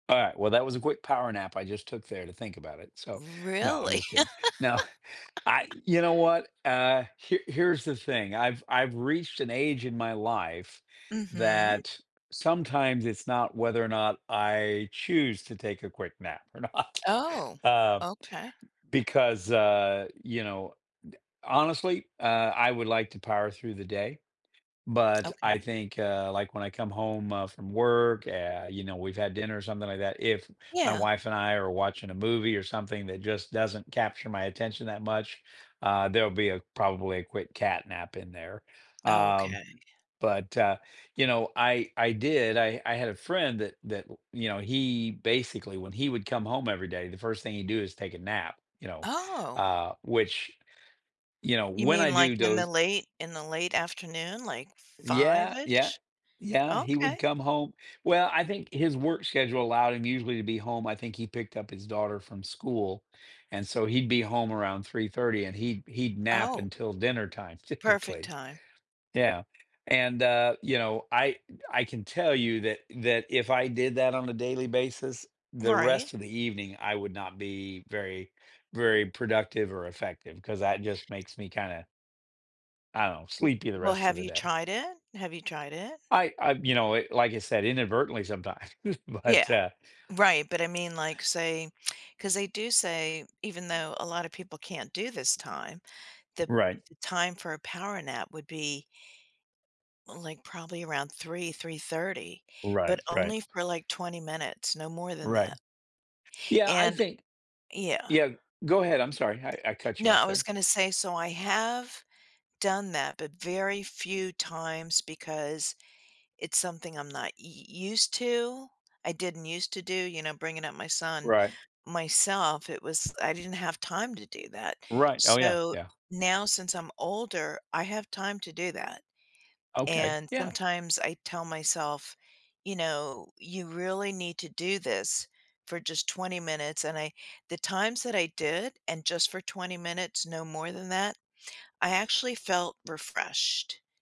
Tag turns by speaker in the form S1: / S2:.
S1: All right, well, that was a quick power nap I just took there to think about it. So, no, I'm
S2: Really?
S1: just kidding. No, I you know what, uh, here here's the thing, I've I've reached an age in my life
S2: Mhm.
S1: that sometimes it's not whether or not I choose to take a quick nap or not,
S2: Oh,
S1: uh,
S2: okay.
S1: because, uh, you know, d honestly, uh, I would like to power through the day. But I
S2: Okay.
S1: think, uh, like when I come home, uh, from work, eh, you know, we've had dinner or something like that. If my
S2: Yeah.
S1: wife and I are watching a movie or something that just doesn't capture my attention that much, uh, there'll be a probably a quick cat nap in there. Um,
S2: Okay.
S1: but, uh, you know, I I did I I had a friend that, that, you know, he basically, when he would come home every day, the first thing he do is take a nap, you know,
S2: Oh.
S1: uh, which, you know,
S2: You
S1: when I
S2: mean like
S1: do
S2: in the
S1: doze
S2: late in the late afternoon, like,
S1: Yeah, yeah,
S2: fiveish?
S1: yeah, he would
S2: Okay.
S1: come home well, I think his work schedule allowed him usually to be home I think he picked up his daughter from school and so he'd be home around 3:30 and he'd he'd nap
S2: Oh.
S1: until dinner time
S2: Perfect
S1: typically.
S2: time.
S1: Yeah. And, uh, you know, I I can tell you that that if I did that on a daily basis, the
S2: Right.
S1: rest of the evening, I would not be very very productive or effective cause that just makes me kinda I don't
S2: W
S1: sleepy the
S2: well,
S1: rest of
S2: have
S1: the
S2: you
S1: day.
S2: tried it? Have you tried it?
S1: I I, you know, eh, like I said, inadvertently sometimes,
S2: Yeah,
S1: but uh.
S2: right, but I mean, like, say, 'cause they do say even though a lot of people can't do this time, the
S1: Right.
S2: the time for a power nap would be like probably around 3, 3:30, but
S1: Right, right.
S2: only for like 20 minutes, no more than
S1: Right.
S2: that.
S1: Yeah, I
S2: And
S1: think
S2: yeah.
S1: yeah, go ahead. I'm sorry. I I cut you
S2: No, I
S1: off
S2: was
S1: there.
S2: gonna say, so I have done that but very few times because it's something I'm not u u used to. I didn't used to do, you know, bringing up my son
S1: Right.
S2: myself, it was, I didn't have time to do that.
S1: Right, oh yeah,
S2: So,
S1: yeah.
S2: now since I'm older, I have time to do that.
S1: Okay,
S2: And
S1: yeah.
S2: sometimes I tell myself, you know, "You really need to do this for just 20 minutes," and I the times that I did and just for 20 minutes, no more than that, I actually felt refreshed.